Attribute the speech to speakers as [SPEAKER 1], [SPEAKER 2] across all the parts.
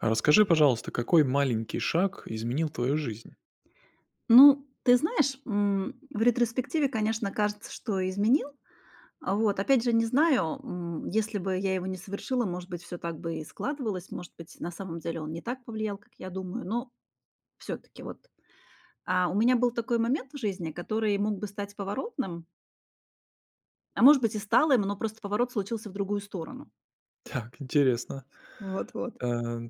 [SPEAKER 1] А расскажи, пожалуйста, какой маленький шаг изменил твою жизнь?
[SPEAKER 2] Ну, ты знаешь, м, в ретроспективе, конечно, кажется, что изменил. А, вот опять же не знаю, м, если бы я его не совершила, может быть, всё так бы и складывалось, может быть на самом деле он не так повлиял, как я думаю. Но всё-таки вот, а, у меня был такой момент в жизни, который мог бы стать поворотным а, может быть, и стал им, но просто поворот случился в другую сторону.
[SPEAKER 1] Так, интересно.
[SPEAKER 2] Вот вот.
[SPEAKER 1] Э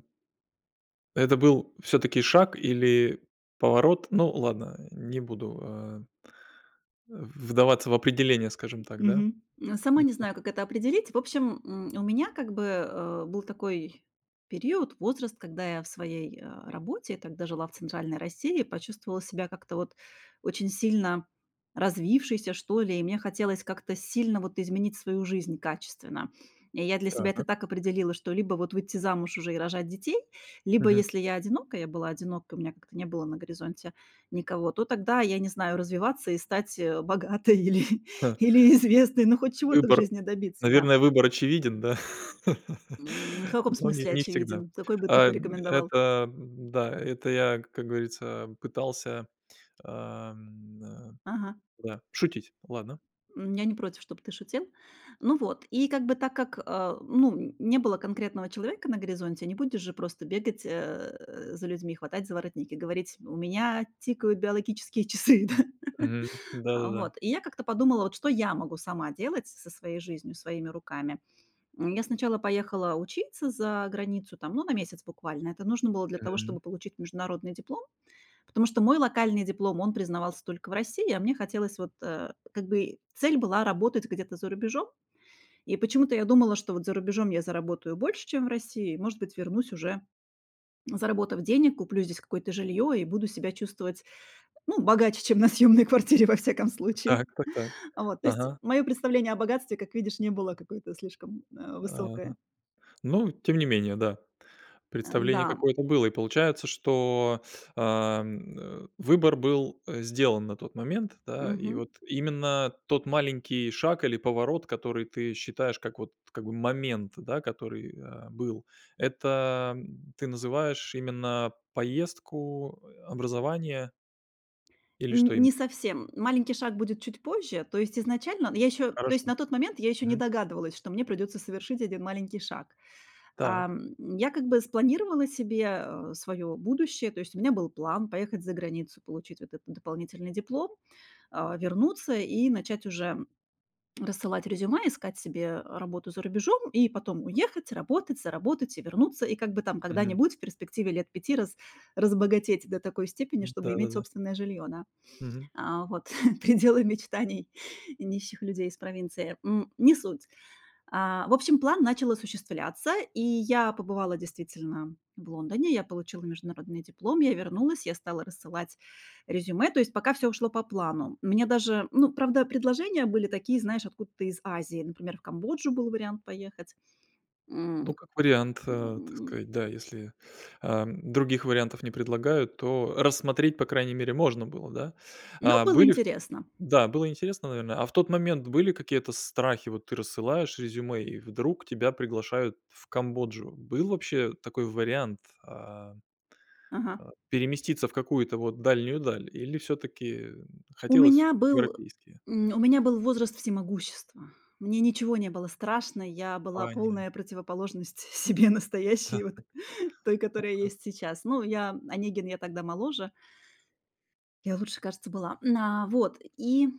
[SPEAKER 1] Это был всё-таки шаг или поворот? Ну ладно, не буду, э э, вдаваться в определение, скажем так, да.
[SPEAKER 2] Мгм. Сама не
[SPEAKER 1] Мгм.
[SPEAKER 2] знаю, как это определить. В общем, м, у меня как бы, э, был такой период, возраст, когда я в своей работе, я тогда жила в центральной России, почувствовала себя как-то вот очень сильно развившейся что ли, и мне хотелось как-то сильно вот изменить свою жизнь качественно. И я для себя это
[SPEAKER 1] Так.
[SPEAKER 2] так определила, что либо вот выйти замуж уже и рожать детей, либо,
[SPEAKER 1] Мгм.
[SPEAKER 2] если я одинока- я была одинока, у меня как-то не было на горизонте никого- то тогда, я не знаю, развиваться и стать, э, богатой или
[SPEAKER 1] Х
[SPEAKER 2] или известной, ну, хоть чего-то в
[SPEAKER 1] Выбор
[SPEAKER 2] жизни добиться, да.
[SPEAKER 1] наверное, выбор очевиден, да?
[SPEAKER 2] М, в каком
[SPEAKER 1] Но нет,
[SPEAKER 2] смысле,
[SPEAKER 1] не всегда.
[SPEAKER 2] очевиден? Какой бы ты
[SPEAKER 1] Эм,
[SPEAKER 2] порекомендовал?
[SPEAKER 1] это да, это я, как говорится, пытался, эм, н-да,
[SPEAKER 2] Ага.
[SPEAKER 1] да, шутить, ладно.
[SPEAKER 2] М, я не против, чтоб ты шутил. Ну вот, и как бы так как, э, ну, не было конкретного человека на горизонте, не будешь же просто бегать, э, за людьми, хватать за воротник и говорить: "У меня тикают биологические часы". Да?
[SPEAKER 1] Мгм.
[SPEAKER 2] А,
[SPEAKER 1] Да-да-да.
[SPEAKER 2] вот, и я как-то подумала, вот что я могу сама делать со со своей жизнью, своими руками. М, я сначала поехала учиться за границу там, ну, на месяц буквально, это нужно было для того, чтобы
[SPEAKER 1] Мгм.
[SPEAKER 2] получить международный диплом, потому что мой локальный диплом, он признавался только в России, а мне хотелось вот, э, как бы цель была работать где-то за рубежом. И почему-то я думала, что вот за рубежом я заработаю больше, чем в России, и, может быть, вернусь уже, заработав денег, куплю здесь какое-то жилье, и буду себя чувствовать, ну, богаче, чем на съемной кваратире, во всяком случае.
[SPEAKER 1] Так так так.
[SPEAKER 2] Вот то есть,
[SPEAKER 1] Ага.
[SPEAKER 2] мое представление о богатстве, как видишь, не было какое-то слишком, э,
[SPEAKER 1] Ага.
[SPEAKER 2] высокое.
[SPEAKER 1] Ну, тем не менее, да, представление
[SPEAKER 2] Н-да.
[SPEAKER 1] какое-то было, и получается, что, ам, э, выбор был, э, сделан на тот момент, да, и
[SPEAKER 2] Мгм.
[SPEAKER 1] вот именно тот маленький шаг или поворот, который ты считаешь как вот как бы момент, да, который, э, был, это ты называешь именно поездку, образование? Или что
[SPEAKER 2] Н
[SPEAKER 1] имен
[SPEAKER 2] не совсем. Маленький шаг будет чуть позже, то есть изначально Ну, я еще то есть
[SPEAKER 1] Хорошо.
[SPEAKER 2] на тот момент я еще не
[SPEAKER 1] Мгм.
[SPEAKER 2] догадывалась, что мне придется совершить 1 маленький шаг.
[SPEAKER 1] Так.
[SPEAKER 2] Ам, я как бы спланировала себе, а, свое будущее. То есть у меня был план поехать за границу, получить вот этот дополнительный диплом, а, вернуться, и начать уже рассылать резюме, искать себе работу за рубежом, и потом уехать, работать, заработать и вернуться. И как бы там
[SPEAKER 1] Мгм.
[SPEAKER 2] когда-нибудь, в перспективе лет 5 раз разбогатеть до такой степени,
[SPEAKER 1] М,
[SPEAKER 2] чтобы иметь
[SPEAKER 1] да-да-да.
[SPEAKER 2] собственное жилье, да.
[SPEAKER 1] Мгм.
[SPEAKER 2] А, вот, пределы мечтаний нищих людей из провинции. М, не суть. А, в общем, план начал осуществляться, и я побывала действительно в Лондоне. Я получила международный диплом. Я вернулась, я стала рассылать резюме, то есть пока всё ушло по плану. Мне даже ну, правда, предложения были такие, знаешь, откуда-то из Азии, например, в Камбоджу был вариант поехать.
[SPEAKER 1] Ну,
[SPEAKER 2] М,
[SPEAKER 1] как вариант, а, так
[SPEAKER 2] м.
[SPEAKER 1] сказать, да. Если, а, других вариантов не предлагают, то рассмотреть по крайней мере можно было, да.
[SPEAKER 2] Но
[SPEAKER 1] А
[SPEAKER 2] было
[SPEAKER 1] были в
[SPEAKER 2] интересно.
[SPEAKER 1] Да, было интересно, наверно. А в тот момент были какие-то страхи, вот ты рассылаешь резюме, и вдруг тебя приглашают в Камбоджу. Был вообще такой вариант, а,
[SPEAKER 2] Ага.
[SPEAKER 1] а, переместиться в какую-то вот дальнюю даль, или всё-таки
[SPEAKER 2] У
[SPEAKER 1] хотелось
[SPEAKER 2] меня был,
[SPEAKER 1] европейские?
[SPEAKER 2] э, м, у меня был возраст всемогущества. Мне ничего не было страшно, я была
[SPEAKER 1] Понятно.
[SPEAKER 2] полная противоположность себе
[SPEAKER 1] Да-да.
[SPEAKER 2] настоящей, вот той, которая
[SPEAKER 1] Ага.
[SPEAKER 2] есть сейчас. Ну, я "Онегин, я тогда моложе" "я лучше, кажется, была". А, вот, и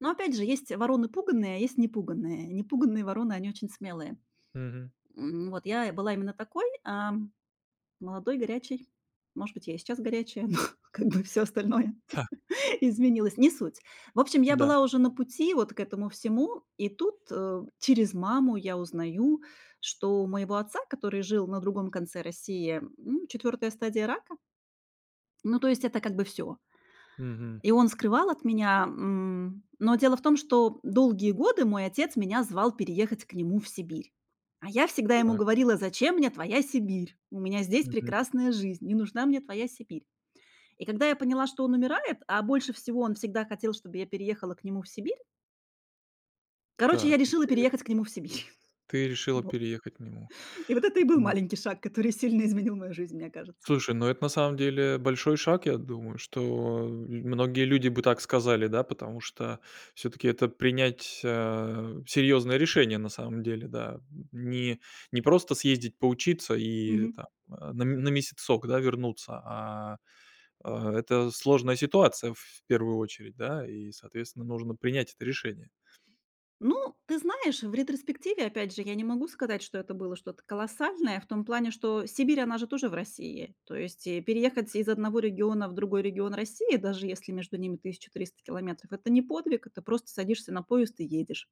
[SPEAKER 2] ну, опять же, есть вороны пуганые, а есть непуганые. Непуганые вороны- они очень смелые.
[SPEAKER 1] Мгм.
[SPEAKER 2] М, вот я была именно такой, а, молодой, горячей. Может быть, я и сейчас горячая, но как бы всё остальное
[SPEAKER 1] Та.
[SPEAKER 2] изменилось. Не суть. В общем, я
[SPEAKER 1] Да.
[SPEAKER 2] была уже на пути вот к этому всему, и тут, э, через маму я узнаю, что у моего отца, который жил на другом конце России, м, 4 стадия рака. Ну, то есть это как бы всё.
[SPEAKER 1] Мгм.
[SPEAKER 2] И он скрывал от меня. М, но дело в том, что долгие годы мой отец меня звал переехать к нему в Сибирь. А я всегда ему
[SPEAKER 1] Так.
[SPEAKER 2] говорила: "Зачем мне твоя Сибирь? У меня здесь
[SPEAKER 1] Мгм.
[SPEAKER 2] прекрасная жизнь, не нужна мне твоя Сибирь". И когда я поняла, что он умирает, а больше всего он всегда хотел, чтобы я переехала к нему в Сибирь короче, я
[SPEAKER 1] Так,
[SPEAKER 2] решила
[SPEAKER 1] интере
[SPEAKER 2] переехать к нему в Сибирь.
[SPEAKER 1] Ты решила
[SPEAKER 2] Во
[SPEAKER 1] переехать к нему.
[SPEAKER 2] И вот это и был
[SPEAKER 1] Ну
[SPEAKER 2] маленький шаг, который сильно изменил мою жизнь, мне кажется.
[SPEAKER 1] Слушай, ну, это на самом деле большой шаг, я думаю, что многие люди бы так сказали, да. Потому что всё-таки это принять, а, серьезное решение на самом деле, да. Не не просто съездить поучиться, и
[SPEAKER 2] Мгм.
[SPEAKER 1] там на м на месяцок, да, вернуться. А а это сложная ситуация, в первую очередь, да, и, соответственно, нужно принять это решение.
[SPEAKER 2] Ну, ты знаешь, в ретроспективе опять же я не могу сказать, что это было что-то колоссальное в том плане, что Сибирь она же тоже в России. То есть и переехать из одного региона в другой регион России, даже если между ними 1300 километров- это не подвиг, это просто садишься на поезд и едешь.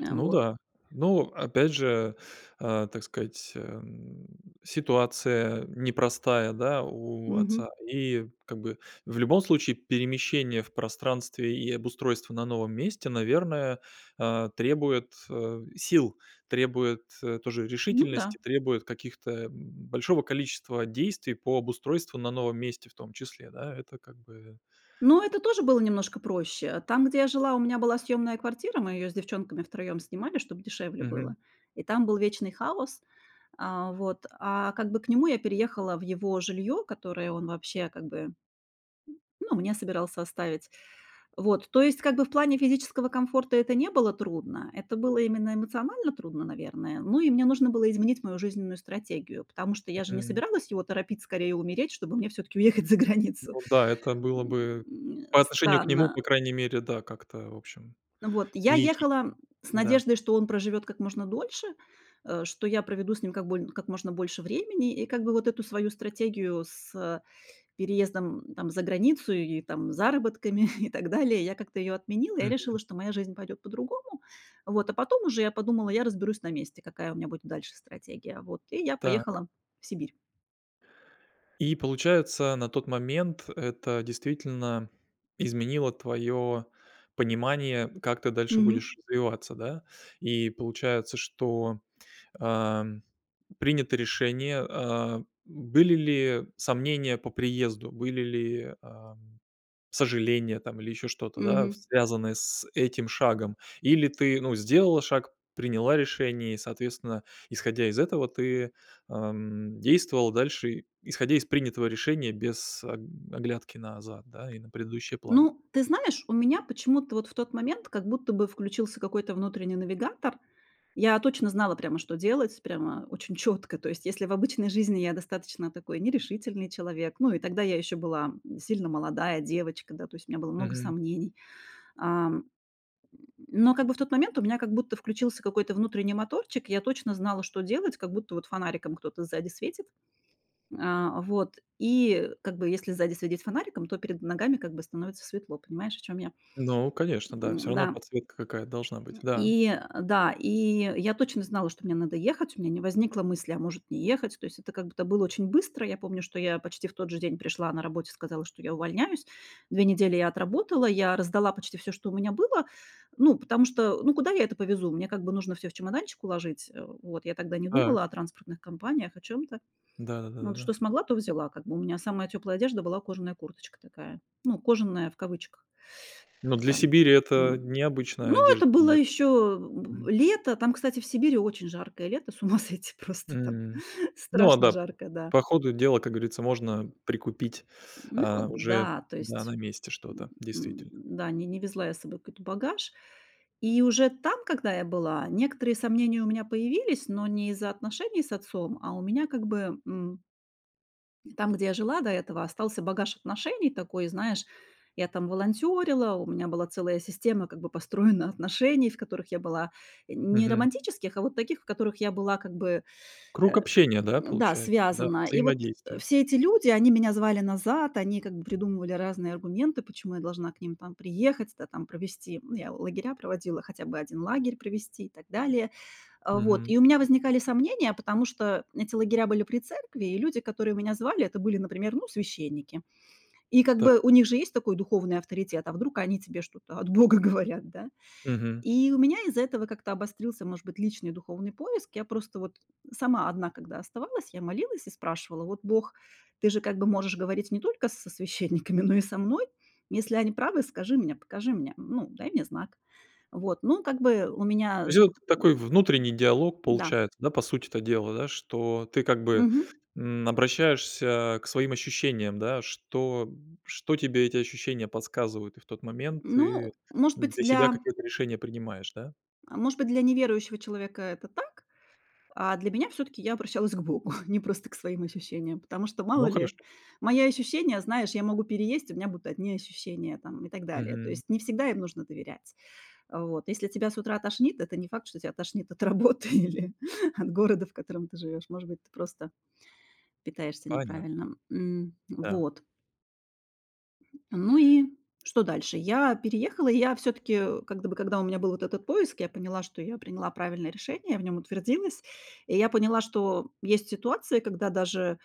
[SPEAKER 2] А
[SPEAKER 1] Ну
[SPEAKER 2] вот.
[SPEAKER 1] да, ну опять же, а, так сказать, эм, ситуация непростая, да, у отца.
[SPEAKER 2] Мгм.
[SPEAKER 1] И как бы в любом случае перемещение в пространстве и обустройство на новом месте, наверное, а, требует, а, сил, требует, э, тоже
[SPEAKER 2] Ну да.
[SPEAKER 1] решительности, требует каких-то, м, большого количества действий по обустройству на новом месте в том числе, да? Это как бы
[SPEAKER 2] Ну это тоже было немножко проще. Там, где я жила, у меня была съемная квартира, мы ее с девчонками втроем снимали, чтобы дешевле
[SPEAKER 1] Мгм.
[SPEAKER 2] было, и там был вечный хаос. А, вот. А как бы к нему я переехала в его жилье, которое он вообще как бы ну мне собирался оставить. Вот, то есть как бы в плане физического комфорта это не было трудно, это было именно эмоционально трудно, наверное. Ну и мне нужно было изменить мою жизненную стратегию, потому что я же не
[SPEAKER 1] Мгм.
[SPEAKER 2] собиралась его торопить скорее умереть, чтобы мне всё-таки уехать за границу,
[SPEAKER 1] Ну да, это было
[SPEAKER 2] м,
[SPEAKER 1] бы
[SPEAKER 2] э,
[SPEAKER 1] по отношению к нему,
[SPEAKER 2] странно.
[SPEAKER 1] по крайней мере, да, как-то в общем
[SPEAKER 2] Ну вот. Я
[SPEAKER 1] не этично,
[SPEAKER 2] ехала с
[SPEAKER 1] да.
[SPEAKER 2] надеждой, что он проживет как можно дольше, э, что я проведу с ним как больн как можно больше времени. И как бы вот эту свою стратегию с, э, переездом там за границу и там заработками и так далее. Я как-то ее отменила, я
[SPEAKER 1] Мгм.
[SPEAKER 2] решила, что моя жизнь пойдет по-другому. Вот, а потом уже я подумала, я разберусь на месте, какая у меня будет дальше стратегия. Вот, и я
[SPEAKER 1] Так.
[SPEAKER 2] поехала в Сибирь.
[SPEAKER 1] И получается, на тот момент, это действительно изменило твое понимание: как ты дальше
[SPEAKER 2] Мгм.
[SPEAKER 1] будешь развиваться, да? И получается, что, ам, принято решение, а. М, были ли сомнения по приезду, были ли, ам, сожаления там или еще что-то, да, в
[SPEAKER 2] Мгм.
[SPEAKER 1] связанное с этим шагом? Или ты, ну, сделала шаг, приняла решение и соответственно, исходя из этого, ты, ам, действовала дальше, и исходя из принятого решения без аг оглядки назад, да, и на предыдущие планы?
[SPEAKER 2] Ну, ты знаешь, у меня почему-то вот в тот момент как будто бы включился какой-то внутренний навигатор. Я точно знала прямо, что делать, прямо очень четко. То есть если в обычной жизни я достаточно такой нерешительный человек, ну, и тогда я еще была, м, сильно молодая девочка, да. То есть у меня было много
[SPEAKER 1] Мгм.
[SPEAKER 2] сомнений, ам, м, но как бы в тот момент у меня как будто включился какой-то внутренний моторчик. Я точно знала, что делать, как будто вот фонариком кто-то сзади светит. А вот, и как бы если сзади светить фонариком, то перед ногами как бы становится светло. Понимаешь, о чем я?
[SPEAKER 1] Ну, конечно, да. Всё равно
[SPEAKER 2] М-да.
[SPEAKER 1] подсветка какая-то должна быть,
[SPEAKER 2] М,
[SPEAKER 1] да.
[SPEAKER 2] и, э, да, и я точно знала, что мне надо ехать, у меня не возникло мысли: "А может не ехать?" То есть это как будто было очень быстро. Я помню, что я почти в тот же день пришла на работе сказала, что я увольняюсь. Две недели я отработала, я раздала почти всё, что у меня было, ну, потому что ну куда я это повезу? Мне как бы нужно всё в чемоданчик уложить. А вот, я тогда не
[SPEAKER 1] Та
[SPEAKER 2] думала о транспортных компаниях, о чём-то.
[SPEAKER 1] Да да да да
[SPEAKER 2] Вот,
[SPEAKER 1] да.
[SPEAKER 2] что смогла, то взяла. Как бы у меня самая теплая одежда была кожаная курточка такая, ну, "кожаная" в кавычках.
[SPEAKER 1] Ну, для
[SPEAKER 2] Там
[SPEAKER 1] Сибири это
[SPEAKER 2] м.
[SPEAKER 1] необычная
[SPEAKER 2] Ну
[SPEAKER 1] одежда
[SPEAKER 2] это
[SPEAKER 1] для
[SPEAKER 2] было ещё,
[SPEAKER 1] мгм.
[SPEAKER 2] б, лето, там кстати в Сибири очень жаркое лето, с ума сойти просто там,
[SPEAKER 1] М, ну, а
[SPEAKER 2] страшно
[SPEAKER 1] да [unintelligible]
[SPEAKER 2] жаркое да.
[SPEAKER 1] по ходу дела, как говорится, можно прикупить,
[SPEAKER 2] Ну
[SPEAKER 1] а, уже
[SPEAKER 2] да, то
[SPEAKER 1] да,
[SPEAKER 2] есть
[SPEAKER 1] на месте
[SPEAKER 2] М,
[SPEAKER 1] что-то
[SPEAKER 2] м,
[SPEAKER 1] действительно.
[SPEAKER 2] да, ни не везла я с собой какой-то багаж. И уже там, когда я была, некоторые сомнения у меня появились, но не из-за отношений с отцом, а у меня как бы, м И там, где я жила до этого, остался багаж отношений такой, знаешь, я там волонтерила, у меня была целая система как бы построена отношений. В которых я была не
[SPEAKER 1] Мгм.
[SPEAKER 2] романтических, а вот таких, в которых я была как бы, э,
[SPEAKER 1] Круг общения, да,
[SPEAKER 2] м, да,
[SPEAKER 1] получае Да?
[SPEAKER 2] связана. И вот, э,
[SPEAKER 1] Взаимодействие?
[SPEAKER 2] все эти люди, они меня звали назад, они как бы придумывали разные аргументы, почему я должна к ним там приехать, да там, провести. Ну, я лагеря проводила, хотя бы один лагерь провести и так далее. А вот,
[SPEAKER 1] Мгм.
[SPEAKER 2] и у меня возникали сомнения, потому что эти лагеря были при церкви и люди, которые меня звали, это были, например, ну, священники. И как
[SPEAKER 1] Та
[SPEAKER 2] бы у них же есть такой духовный авторитет, а вдруг они тебе что-то от бога говорят, да?
[SPEAKER 1] Мгм.
[SPEAKER 2] И у меня из-за этого как-то обострился может быть личный духовный поиск. Я просто вот сама одна когда оставалась, я молилась и спрашивала: "Вот, бог, ты же как бы можешь говорить не только с со священниками, но и со мной? Если они правы, скажи мне, покажи мне, ну, дай мне знак". Вот, ну как бы у
[SPEAKER 1] То
[SPEAKER 2] меня
[SPEAKER 1] есть
[SPEAKER 2] с, б
[SPEAKER 1] вот такой внутренний диалог
[SPEAKER 2] да.
[SPEAKER 1] получается, да? По сути-то дела, да, что ты как бы,
[SPEAKER 2] Мгм.
[SPEAKER 1] м, обращаешься к своим ощущениям, да, что м, что тебе эти ощущения подсказывают? И в тот момент ты
[SPEAKER 2] Ну, может быть
[SPEAKER 1] для себя
[SPEAKER 2] для
[SPEAKER 1] какое-то решение принимаешь, да?
[SPEAKER 2] А может быть для неверующего человека это так. А для меня всё-таки я обращалась к богу, не просто к своим ощущениям. Потому что, мало
[SPEAKER 1] Ну
[SPEAKER 2] ли,
[SPEAKER 1] хорошо.
[SPEAKER 2] мои ощущения, знаешь, я могу переесть, и у меня будут одни ощущения там, и так далее. То
[SPEAKER 1] Мгм.
[SPEAKER 2] есть, не всегда им нужно доверять. А вот. Если тебя с утра тошнит, это не факт, что тебя тошнит от работы или от города, в котором ты живешь. Может быть, ты просто питаешься
[SPEAKER 1] Понятно.
[SPEAKER 2] неправильно. М,
[SPEAKER 1] Та.
[SPEAKER 2] вот. Ну и что дальше? Я переехала и я всё-таки, э, как бы, бы когда у меня был вот этот поиск, я поняла, что я приняла правильное решение, в нём утвердилась. И я поняла, что есть ситуации, когда даже,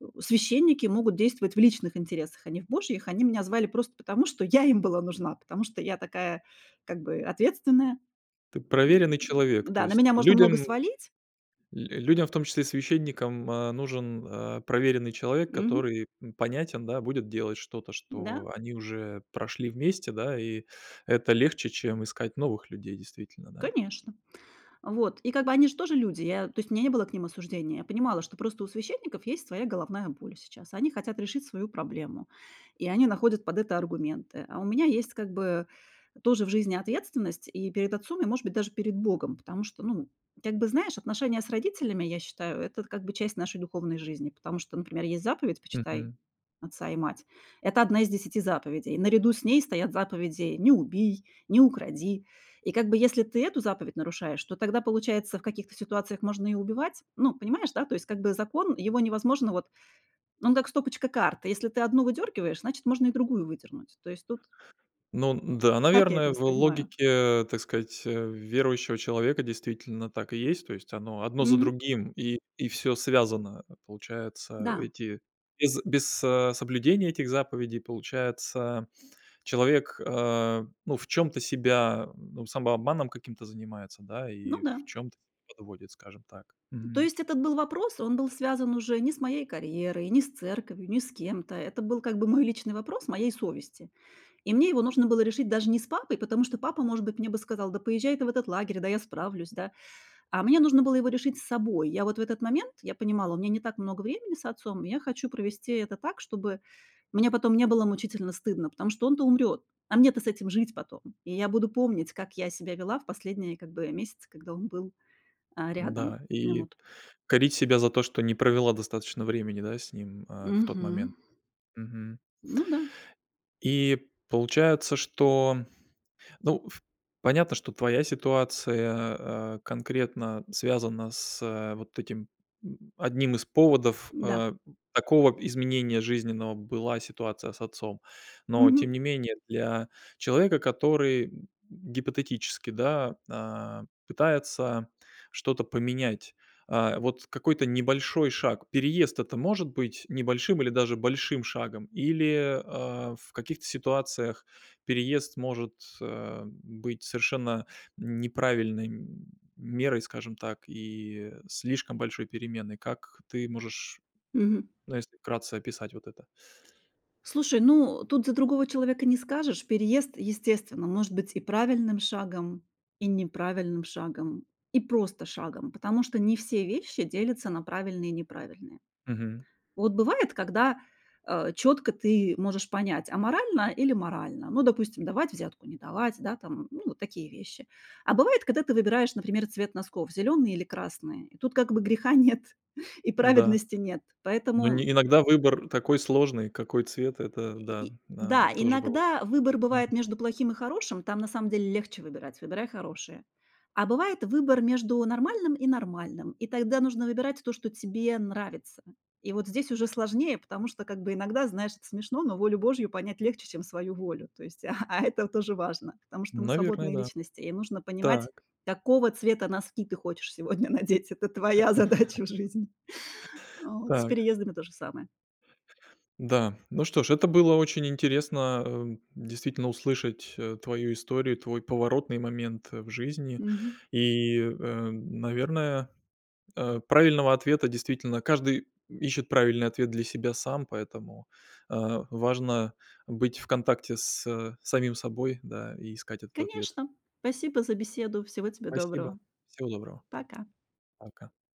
[SPEAKER 2] э, священники могут действовать в личных интересах, а не в Божьих. Они меня звали просто потому, что я им была нужна, потому что я такая, как бы, ответственная.
[SPEAKER 1] Ты
[SPEAKER 2] М.
[SPEAKER 1] проверенный человек. То
[SPEAKER 2] Да, на
[SPEAKER 1] есть
[SPEAKER 2] меня можно
[SPEAKER 1] людям
[SPEAKER 2] много
[SPEAKER 1] л
[SPEAKER 2] свалить.
[SPEAKER 1] людям, в том числе священникам, а, нужен, а, проверенный человек,
[SPEAKER 2] Мгм.
[SPEAKER 1] который, м, понятен, да, будет делать что-то,
[SPEAKER 2] Н-да.
[SPEAKER 1] что они уже прошли вместе, да. И это легче, чем искать новых людей, действительно, да.
[SPEAKER 2] Конечно. Вот. И как бы они ж тоже люди, я то есть у меня не было к ним осуждения. Я понимала, что просто у священников есть своя головная боль сейчас, они хотят решить свою проблему и они находят под это аргументы. А у меня есть как бы, э, тоже в жизни ответственность и перед отцом, и, может быть даже, перед Богом. Потому что, ну, как бы, знаешь, отношения с родителями, я считаю- это, как бы, часть нашей духовной жизни. Потому что, например, есть заповедь "Почитай
[SPEAKER 1] Мгм.
[SPEAKER 2] отца и мать"- это 1 из 10 заповедей. Наряду с ней стоят заповеди "Не убий", "Не укради". И как бы если ты эту заповедь нарушаешь, то тогда, получается, в каких-то ситуациях можно и убивать. Ну понимаешь, да? То есть, как бы, закон- его невозможно вот он как стопочка карт: если ты одну выдергиваешь, значит, можно и другую выдернуть. То есть тут
[SPEAKER 1] Ну, н-да,
[SPEAKER 2] Так я это
[SPEAKER 1] наверное, в
[SPEAKER 2] воспринимаю.
[SPEAKER 1] логике, так сказать, э, верующего человека действительно так и есть. То есть оно одно за
[SPEAKER 2] Мгм.
[SPEAKER 1] другим и и всё связано. А а, получается,
[SPEAKER 2] Да.
[SPEAKER 1] эти без без, а, соблюдения этих заповедей, получается, человек, а, ну в чём-то себя, ну, самообманом каким-то занимается, да, и
[SPEAKER 2] Ну
[SPEAKER 1] и в
[SPEAKER 2] да.
[SPEAKER 1] чём-то подводит, скажем так.
[SPEAKER 2] То
[SPEAKER 1] Мгм.
[SPEAKER 2] есть этот был вопрос- он был связан уже не с моей карьерой, не с церковью, не с кем-то. Это был как бы мой личный вопрос, моей совести. И мне его нужно было решить даже не с папой, потому что папа, может быть, мне бы сказал: "Да поезжай ты в этот лагерь, да я справлюсь". Да? А мне нужно было его решить с собой. Я вот в этот момент, я понимала: у меня не так много времени с отцом, и я хочу провести это так, чтобы мне потом не было мучительно стыдно, потому что он-то умрет, а мне-то с этим жить потом. И я буду помнить, как я себя вела в последние, как бы, месяцы, когда он был, а, рядом.
[SPEAKER 1] Н-да,
[SPEAKER 2] М,
[SPEAKER 1] и
[SPEAKER 2] вот.
[SPEAKER 1] корить себя за то, что не провела достаточно времени, да, с ним, а, в тот момент.
[SPEAKER 2] Мгм.
[SPEAKER 1] Мгм.
[SPEAKER 2] Ну да.
[SPEAKER 1] И, получается, что Ну, ф понятно, что твоя ситуация, а, конкретно связана с, а, вот этим, м, одним из поводов,
[SPEAKER 2] Н-да.
[SPEAKER 1] а, м, такого изменения жизненного была ситуация с отцом. Но,
[SPEAKER 2] Мгм.
[SPEAKER 1] тем не менее, для человека, который, м, гипотетически, да, а, пытается что-то поменять, а, вот какой-то небольшой шаг. Переезд- это может быть небольшим или даже большим шагом? Или, а, в каких-то ситуациях переезд может, а, быть совершенно неправильной мерой, скажем так, и слишком большой переменой. Как ты можешь,
[SPEAKER 2] Мгм.
[SPEAKER 1] ну если вкратце, описать вот это?
[SPEAKER 2] Слушай, ну, тут за другого человека не скажешь. Переезд, естественно, может быть и правильным шагом, и неправильным шагом, и просто шагом, потому что не все вещи делятся на правильные и неправильные.
[SPEAKER 1] Мгм.
[SPEAKER 2] Вот бывает, когда, э, четко ты можешь понять: аморально или морально. Ну допустим, давать взятку, не давать, да, там- ну вот такие вещи. А бывает, когда ты выбираешь, например, цвет носков: зеленый или красный. И тут как бы греха нет и
[SPEAKER 1] Н-да.
[SPEAKER 2] праведности нет.
[SPEAKER 1] Но
[SPEAKER 2] Поэтому,
[SPEAKER 1] не
[SPEAKER 2] м
[SPEAKER 1] иногда выбор такой сложный- какой цвет. Это
[SPEAKER 2] Э, и
[SPEAKER 1] да,
[SPEAKER 2] и
[SPEAKER 1] да,
[SPEAKER 2] Да,
[SPEAKER 1] тоже бывает.
[SPEAKER 2] иногда выбор
[SPEAKER 1] Мгм.
[SPEAKER 2] бывает между плохим и хорошим, там на самом деле легче выбирать- выбирай хорошее. А бывает выбор между нормальным и нормальным, и тогда нужно выбирать то, что тебе нравится. И вот здесь уже сложнее, потому что, как, бы иногда, знаешь- это смешно, но волю Божью понять легче, чем свою волю. То есть а а это тоже важно, потому что мы
[SPEAKER 1] Наверное,
[SPEAKER 2] свободные
[SPEAKER 1] да.
[SPEAKER 2] личности, и нужно понимать,
[SPEAKER 1] Так.
[SPEAKER 2] какого цвета носки ты хочешь сегодня надеть, это твоя задача в жизни. Вот. С
[SPEAKER 1] Так.
[SPEAKER 2] переездами тоже самое.
[SPEAKER 1] Да. Ну что ж, это было очень интересно, эм, действительно услышать, э, твою историю, твой поворотный момент, э, в жизни.
[SPEAKER 2] Мгм.
[SPEAKER 1] И, э, м, наверное, э, правильного ответа действительно Каждый, м, ищет правильный ответ для себя сам, поэтому, а, важно быть в контакте с, э, самим собой, да, и искать этот ответ.
[SPEAKER 2] Конечно. Спасибо за беседу. Всего тебе
[SPEAKER 1] Спасибо.
[SPEAKER 2] доброго.
[SPEAKER 1] Всего доброго.
[SPEAKER 2] Пока.
[SPEAKER 1] Пока.